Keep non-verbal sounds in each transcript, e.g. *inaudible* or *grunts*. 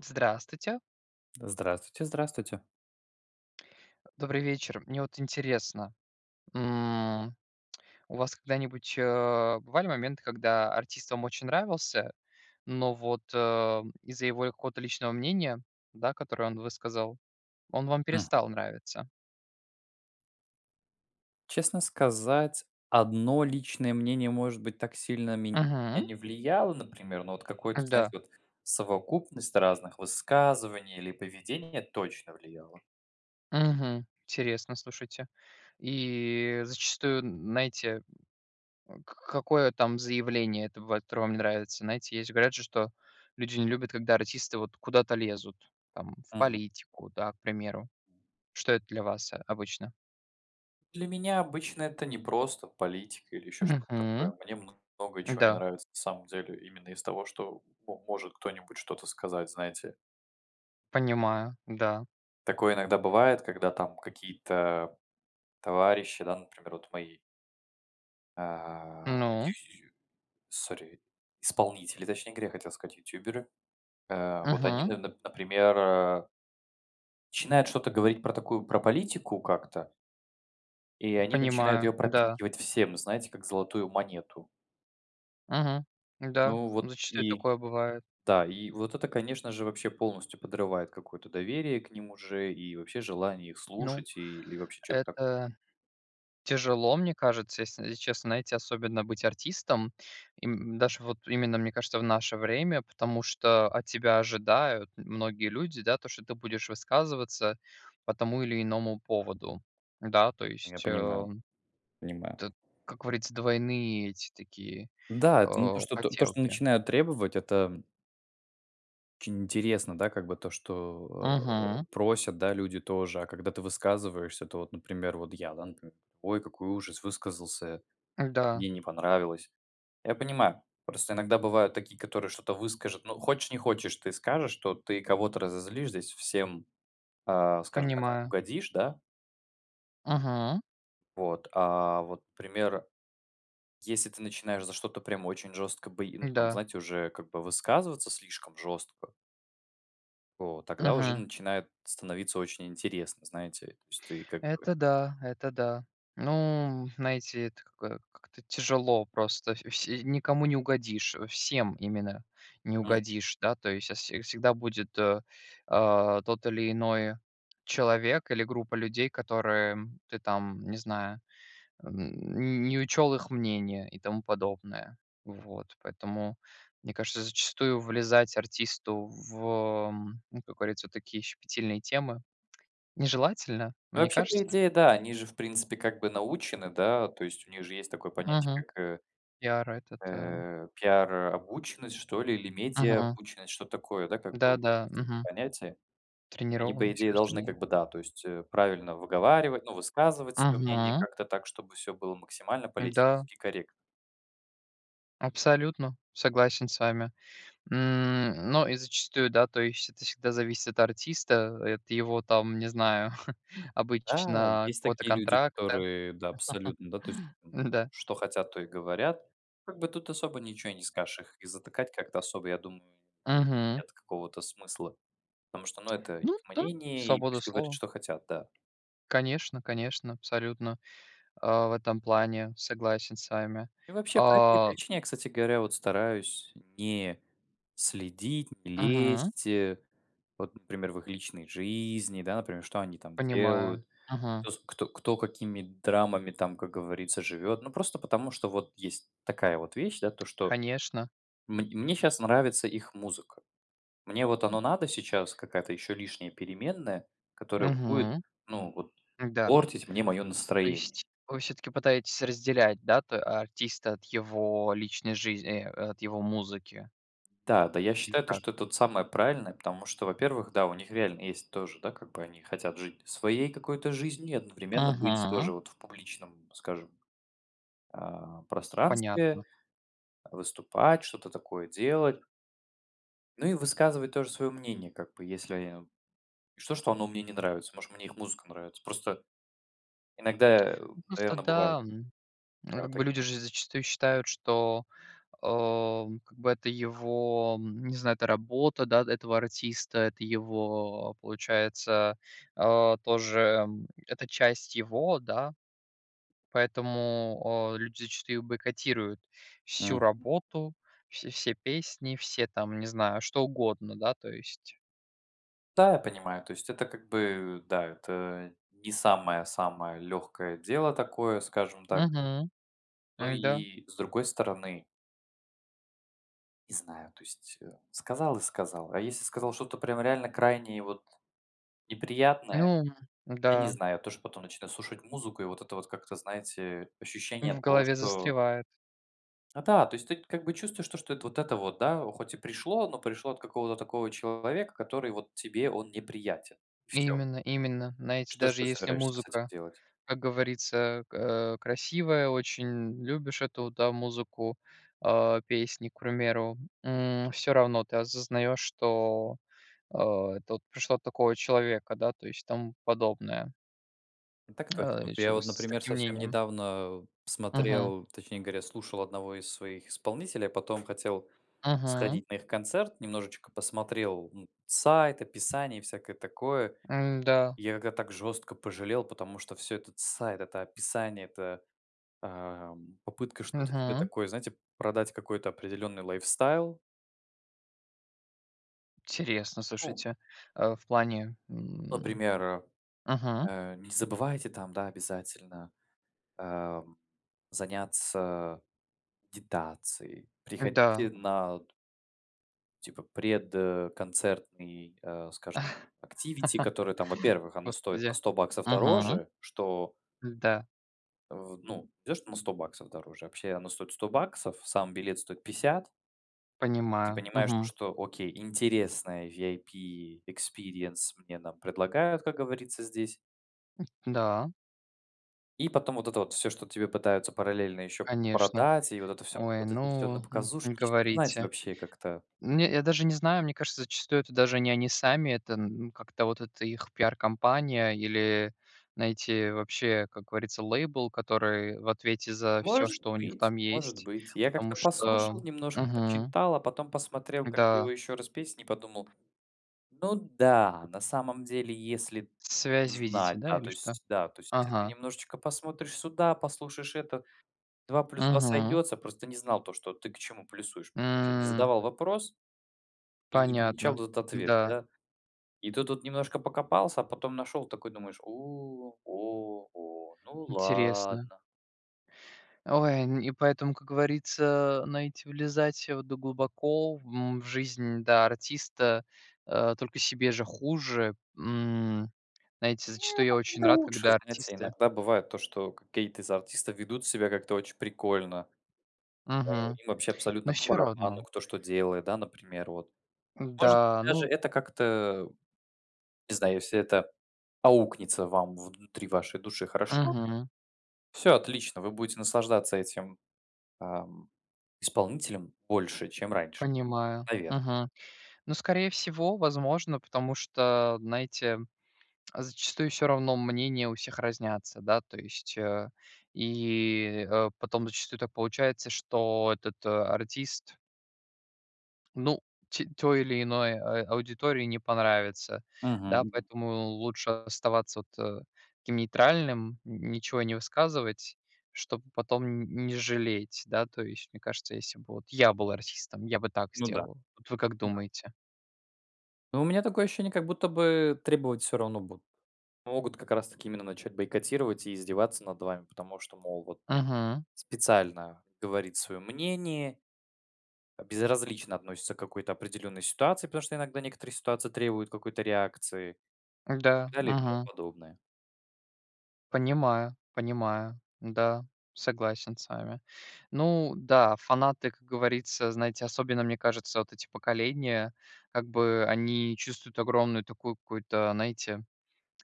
Здравствуйте. Здравствуйте, здравствуйте. Добрый вечер. Мне вот интересно. М, у вас когда-нибудь, э, бывали моменты, когда артист вам очень нравился, но вот, э, из-за его, э, какого-то личного мнения, да, которое он высказал, он вам Мгм. перестал нравиться? Честно сказать, 1 личное мнение может быть так сильно мен Мгм. не влияло, например. Но вот какое-то, знаете, Да. вот совокупность разных высказываний или поведения точно влияло. Мгм, интересно. Слушайте, и зачастую, н знаете, э, к какое там заявление, это бывает, которое вам не нравится? Знаете, есть же говорят же, что люди не любят, когда артисты вот куда-то лезут, там в Мгм. политику, да к примеру. Что это для вас, э, обычно? Для меня обычно это непросто политика или ещё что-то Мгм. такое. Мне много, чего не Да. нравится на самом деле именно из того что, м может кто-нибудь что-то сказать, знаете. Понимаю, да. Такое иногда бывает, когда там какие-то товарищи, да, например, вот мои А, Ну. зю зю зю, sorry, исполнители, точнее говоря, я хотел сказать ютуберы. Э, вот они Мгм. нап например, э начинают что-то говорить про такую про политику как-то и они начинают Понимаю, её да. пропихивать всем, знаете, как золотую монету. Мгм, да. Ну вот Зачастую и такое бывает. да. И вот это, конечно же, вообще полностью подрывает какое-то доверие к ним уже, и вообще желание их Ну. слушать и или вообще чё-то так Это тяжело, мне кажется, ес если честно, знаете, особенно быть артистом, им даже, вот, именно, мне кажется, в наше время, потому что от тебя ожидают многие люди, да что ты будешь высказываться по тому или иному поводу. Да, то Конечно, я есть, э, понимаю. Понимаю. это как говорится, двойные эти такие, Да, это не э, то что, т то, что хотелки. начинаю требовать это очень интересно, да как бы то что, а, Мгм. просят, да, люди тоже, а когда ты высказываешься, то вот например вот я, да например: "Ой, какой ужас!" Высказался, Да. мне не понравилось. Я понимаю. Просто иногда бывают такие, которые что-то выскажут, но хочешь не хочешь, ты скажешь, то ты кого-то разозлишь здесь всем, а, скажем так, Понимаю. угодишь, да. Мгм. Вот, а, вот пример если ты начинаешь за что-то прям очень жестко б ну там, М-да. знаете, уже как бы высказываться слишком жестко. То тогда уже Мгм. начинает становиться очень интересно, знаете. То есть ты как бы Это да. Это да. Ну, знаете, это какой как-то тяжело просто. Вс все никому не угодишь, э, всем именно не М. угодишь, да, то есть, а, вс всегда будет, э, э, тот или иной человек или группа людей, которым ты там, не знаю, м, не не учёл их мнение и тому подобное. Вот, поэтому, мне кажется, зачастую влезать артисту в, э, м, ну как говорится, такие щепетильные темы нежелательно, вам не Вообще по кажется? идее да, они же в принципе как бы научены, да, то есть у них же есть такое понятие Мгм. как, э Пиар этот, а э, пиар, э, обученность, что ли или медиа Мгм. обученность. Что-то такое, да, как бы у меня Да-да, есть такое мгм. понятие. Они по Тренированность, идее кажется мне, должны нет? как бы, да, то есть, э, правильно выговаривать, ну, высказывать своё мнение Мгм. как то так, чтобы всё было максимально Да. политически корректно. Абсолютно. Согласен с вами. М, но и зачастую, да, то есть это всегда зависит от артиста, и от его, там, не знаю, *chuckles* Да, обычно есть какого-то такие люди, контракта, которые, да, абсолютно, да, то есть, м, *chuckles* м-да. что хотят, то и говорят. Как бы тут особо ничего и не скажешь их и затыкать как-то особо, я думаю, Мгм. нет какого-то смысла. Потому что, ну, это их Ну да. мнение и Свобода пусть говорят слова. что хотят, да. Конечно конечно, абсолютно, а, в этом плане, согласен с вами. И вообще по этой А причине я, кстати говоря, вот стараюсь не следить, не Мгм. лезть, э, вот например в их личной жизни, да, например, что они там Понимаю. делают, Мгм. кто с кто кто, какими драмами там, как говорится, живет. Ну просто потому что вот есть такая вот вещь, да, то что Конечно. мн мне щас нравится их музыка. Мне вот оно надо сейчас, какая-то ещё лишняя переменная, которая будет Мгм. ну вот Да. портить мне мое То настроение. есть вы всё-таки пытаетесь разделять, да то э, артиста от его личной жизн э, от его музыки? Та, да. Я Или считаю то, как? что это вот самое правильное, потому что во-первых, да, у них реально есть тоже, да, как бы они хотят жить своей какой-то жизнью и одновременно быть Мгм. тоже вот в публичном, скажем, э, пространстве, Понятно. э, выступать что-то такое делать. Ну и высказывать тоже своё мнение, как бы если е и что, что оно мне не нравится может мне их музыка нравится? Просто иногда, э, Ну просто наверное бывает. да, мгм, э, Да, как так. бы люди же зачастую считают, что, а, м, как бы это его, м, не знаю, это работа, да, этого артиста, это его, а, получается, э, тоже, м, это часть его, да. Поэтому, э, люди зачастую их бойкотируют, всю Мгм. работу, вс все песни, все там, не знаю, что угодно, да, то есть. Да, я понимаю, то есть это как бы, да, это не самое самое легкое дело такое, скажем так Мгм, ну да. и, с другой стороны не знаю, то есть, э, сказал и сказал, а если сказал что-то прям реально крайне и вот неприятное, Ну, м, я не да. знаю. Я тоже потом начинаю слушать музыку, и вот это вот как-то, знаете, ощущение В того, голове что застревает. Да-да, то есть ты как бы чувствуешь, то что это вот это вот, да, хоть и пришло, но пришло от какого-то такого человека, который вот тебе он неприятен, и всё. Именно именно. Знаете, Что ж даже, ты если собираешься с этим музыка, делать? как говорится, э, к э, красивая, очень любишь эту, да, музыку, а, песни, к примеру. М, всё равно ты осознаешь, что, э, это вот пришло от такого человека, да, то есть, и тому подобное. М, так точно! А, Вот, от я вот, человека с с например, таким совсем мнением. недавно Мгм. смотрел, точнее говоря, слушал одного из своих исполнителей, а потом хотел Мгм. сходить на их концерт. Немножечко посмотрел, ну, сайт, описание и всякое такое. М, да. Я тогда так жестко пожалел, потому что всё этот сайт, это описание, эта, э, м, попытка что-то тебе Мгм. такое, знаете, продать какой-то определенный lifestyle. Интересно, Ну. слушайте, э, в плане, м. Например, э, Мгм. э: "Не забывайте там, да, обязательно, а, м, заняться дитацией, Да. приходите на". "типа пред, концертный, э, скажем, activity", который там *chuckles* во-первых оно стоит на Господи, 100 баксов мгм. дороже, что Да. в ну идешь на 100 баксов дороже, вообще оно стоит 100 баксов, сам билет стоит 50 ты Понимаю, понимаешь, то, мгм. что: окей, интересная VIP experience мне нам предлагают, как говорится, здесь. ,да. И потом вот это вот всё, что тебе пытаются параллельно ещё Конечно. продать и вот это всё Ой, вот это всё на ну, м, не показушничество Ну, знаете, говорите. вообще как-то. Не я даже не знаю, мне кажется, зачастую это даже не они сами, это н ну как-то вот это их пиар-кампания или, знаете, вообще, как говорится, лейбл, который в ответе за всё, Может что у них быть, там может есть, быть, я потому как-то что послушал немножко, Мгм. почитал, а потом посмотрел как бы Да. его ещё раз песни и подумал: "Ну да, на самом деле если Связь видите, знать",- да, да или то что? есть да, то есть, э, ты Ага. немножечко посмотришь сюда, послушаешь это, 2+2 Мгм. сойдется, просто не знал то, что ты к чему плюсуешь. Короче не М. задавал вопрос и не получал Понятно, вот этот ответ, да. да. И тут вот немножко покопался, а потом нашел такой, думаешь: "У, о, о, ну Интересно. ладно". Ой, н и поэтому, как говорится, знаете, влезать, э, в это глубоко в, м, в жизнь, да, артиста, э, только себе же хуже, м, знаете, Не, зачастую я так очень это рад, лучше, когда знаете, артисты иногда бывает то, что какие-то из артистов ведут себя как-то очень прикольно. А, Мгм. им вообще Ну абсолютно по всё барабану, равно. кто, что делает, да, например вот. Может быть, Да, даже ну это как-то, не знаю если это аукнется вам внутри вашей души хорошо, Мгм. всё отлично, вы будете наслаждаться этим, ам, исполнителем больше, чем раньше, Понимаю. наверно. Мгм. Но, скорее всего, возможно, потому что, знаете, зачастую всё равно мнения у всех разнятся, да. То есть, э, и, э, потом зачастую так получается, что этот артист Ну те той или иной, а аудитории не понравится, Мгм да, мгм. поэтому лучше оставаться, вот, э, таким нейтральным, н ничего не высказывать, чтобы потом н не жалеть, да то есть. Мне кажется, если бы вот я был артистом, я бы так Ну да, сделал. Вот вы как ну да. думаете? Ну у меня такое ощущение, как будто бы требовать всё равно будут. Могут как раз таки именно начать бойкотировать и издеваться над вами, потому что, мол вот, Мгм. специально говорит своё мнение, э, безразлично относится к какой-то определенной ситуации, потому что иногда некоторые ситуации требуют какой-то реакции. И так Да, далее, и тому мгм. подобное. Понимаю понимаю, да, согласен с вами. Ну да, фанаты, как говорится, знаете, особенно, мне кажется, вот эти поколения как бы, они чувствуют огромную такую какую-то, знаете,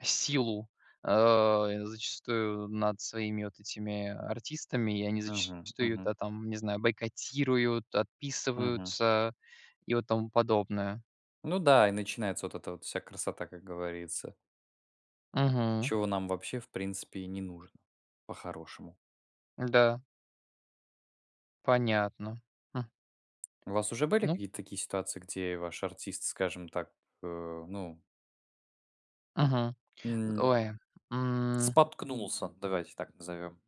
силу, а, э, зачастую над своими вот этими артистами, и они Мгм зачастую, мгм. да, там, не знаю, бойкотируют, Мгм. отписываются и вот тому подобное. Ну да, и начинается вот эта вот вся красота, как говорится. Мгм. Чего нам вообще в принципе и не нужно, по-хорошему. Да. Понятно, м. У вас уже были Ну какие-то такие ситуации, где ваш артист, скажем так, э, ну Мгм. Э, м ой, м. споткнулся, давайте так назовем.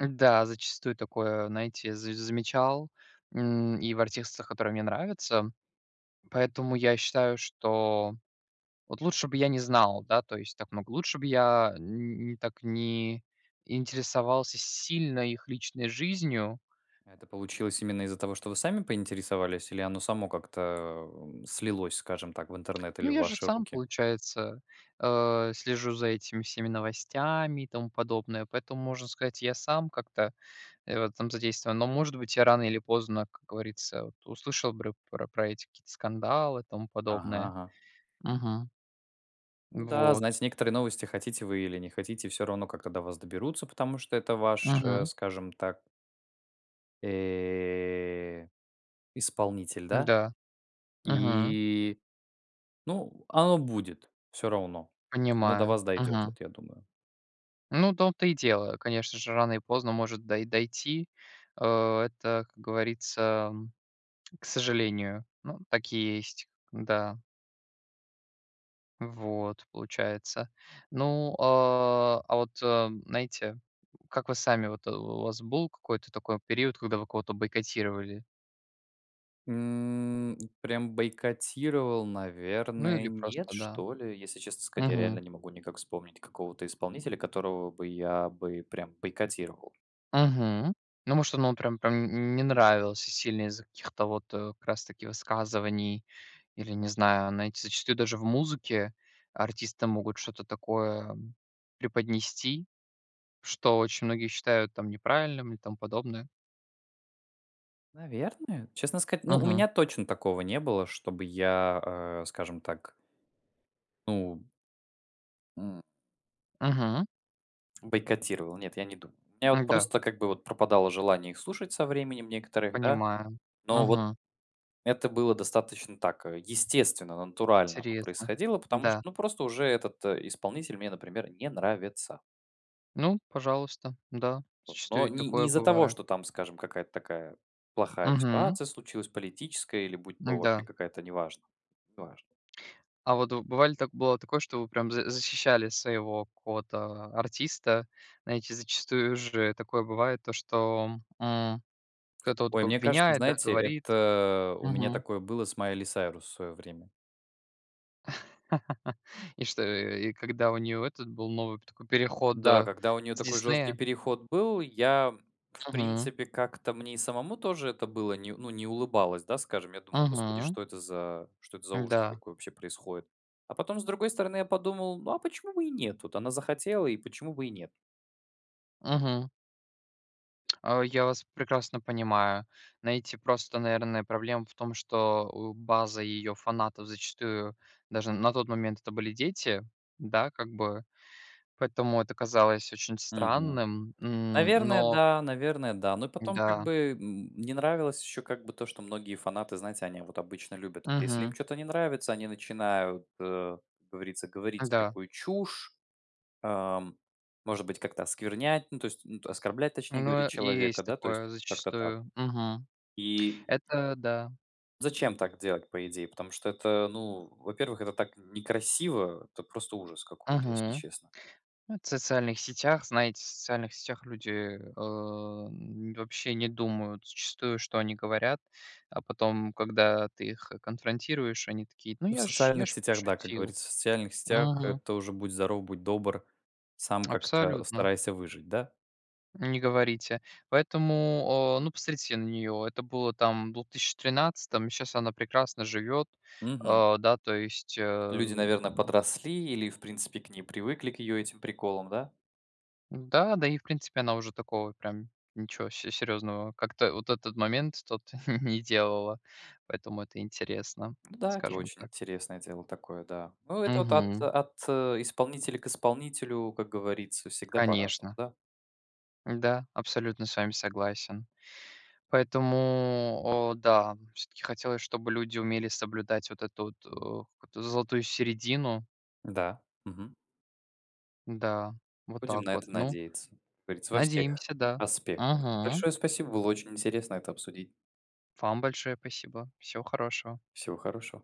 Да, зачастую такое, знаете, за замечал, м, и в артистах, которые мне нравятся. Поэтому, я считаю, что вот лучше бы я не знал, да, то есть так много, лучше бы я н не так не интересовался сильно их личной жизнью. А это получилось именно из-за того, что вы сами поинтересовались или оно само как-то, э, м, слилось, скажем так, в интернет Ну или в я же ваши сам, руки? получается, а, слежу за этими всеми новостями, и тому подобное. Поэтому, можно сказать, я сам как-то, э, в этом задействован. Но, может быть, я рано или поздно, как говорится, вот услышал бры про про эти какие-то скандалы и тому Ага подобное. ага. Мгм. Ну да, Вот. знаете некоторые новости, хотите вы или не хотите, всё равно, как-то до вас доберутся, потому что это ваш, э, Мгм. скажем так Э, исполнитель, да? Да. Мгм. И ну, оно будет. Всё равно. То есть оно до Понимаю, вас дойдет мгм. вот я думаю. Ну, в том-то и дело, конечно же, рано или поздно может дой дойти. Э, это, как говорится, к сожалению, ну, так и есть, да. Вот, получается. Ну, а, а вот, э, знаете, *grunts* как вы сами, вот у, э, вас был какой-то такой период, когда вы кого-то бойкотировали? М, и прям бойкотировал, Ну наверное, или нет, просто, да. что ли. Если честно сказать, я реально Мгм. не могу никак вспомнить какого-то исполнителя, которого бы я бы прям бойкотировал. Мгм. Ну, может, оно вам прям прям н не нравился сильно из-за каких-то вот, э, как раз таки высказываний. Или, не знаю, знаете, зачастую даже в музыке артисты могут что-то такое преподнести, что очень многие считают, там, неправильным, и тому подобное. Наверное, честно сказать ну, у Мгм. меня точно такого не было, чтобы я, э, скажем так ну м Мгм. бойкотировал, нет, я не думаю. У меня вот Да. просто как бы вот пропадало желание их слушать со временем некоторых, да. Понимаю, Но вот мгм. это было достаточно так, э, естественно, натурально оно Интересно, происходило, потому что, да. ну просто уже этот исполнитель мне, например, не нравится. Ну, пожалуйста, да, Вот, но зачастую и не не такое из-за того, бывает. что там, скажем, какая-то такая, плохая Мгм. ситуация случилась, политическая или будь то вообще Да. какая-то неважно. Неважно. А вот вы бывали так бывало ли такое, что вы прям за защищали своего какого-то а артиста? Знаете, зачастую же такое бывает, то что, м, кто-то *inhales* вот Ой, кого мне кажется, обвиняет, да, знаете, говорит. это у меня Мгм. такое было с Майли Сайрус в своё время. *chuckles* И что, и, э, и когда у неё этот был новый п такой переход, Да, э, когда у неё с такой жесткий "Диснея"? переход был, я в Мгм. принципе как-то мне и самому тоже это было, не ну не улыбалось, да, скажем. Я думал: "Господи, Мгм. что это за что это за ужас Да. такой вообще происходит." А потом, с другой стороны, я подумал: "Ну а почему бы и нет? Вот она захотела, и почему бы и нет?" Мгм. А, я вас прекрасно понимаю. Знаете, просто, наверное, проблема в том, что, у, база её фанатов зачастую, даже н на тот момент, это были дети, да как бы. Поэтому это казалось очень Мгм. странным, м, Наверное, но да, наверное, да. Но и потом как Да. бы, м мне нравилось ещё как бы то, что многие фанаты знаете, они вот обычно любят, это если им Мгм. чё-то не нравится, они начинают, э, как говорится говорить Да. всякую чушь, а, может быть, как-то осквернять, ну то есть н оскорблять, точнее Ну, говорить, э, человека, есть да, то есть такое как-то так. зачастую. Мгм. И Это, да. Зачем так делать по идее? Потому что это ну, во-первых, это так некрасиво, это просто ужас какой-то, если Мгм, честно. ну это в социальных сетях, знаете, в социальных сетях люди, эм, вообще не думают зачастую, что они говорят, а потом, когда ты их конфронтируешь, они такие: "Ну, Ну, в я ж я социальных ж сетях, да, как пошутил". говорится. В социальных сетях, Мгм. это уже будь здоров, будь добр, сам как-то Абсолютно. старайся выжить, да. Не говорите. Поэтому, э, ну посмотрите на неё. Это было там в двух тыще тринадцатом, и щас она прекрасно живет, Мгм. э, да то есть, э, Люди, м. наверно, подросли или в принципе к ней привыкли, к её этим приколам, да? Да-да и в принципе она уже такого, прям ничего се серьезного как-то вот этот момент тот *chuckles* не делала, поэтому это интересно, Ну да, это скажем очень так. интересное дело такое, да. Ну это вот от Мгм. от, э, исполнителя к исполнителю, как говорится, всегда по-разному, Конечно. да. Да, абсолютно с вами согласен. Поэтому, э, да, всё-таки хотелось, чтобы люди умели соблюдать вот эту вот, э, какую-то золотую середину. Да, мгм. Да, вот Будем на так вот. это Ну, надеяться, как говорится, во всех надеемся, да. аспектах. Мгм. Большое спасибо, было очень интересно это обсудить. Вам большое спасибо, всего хорошего. Всего хорошего.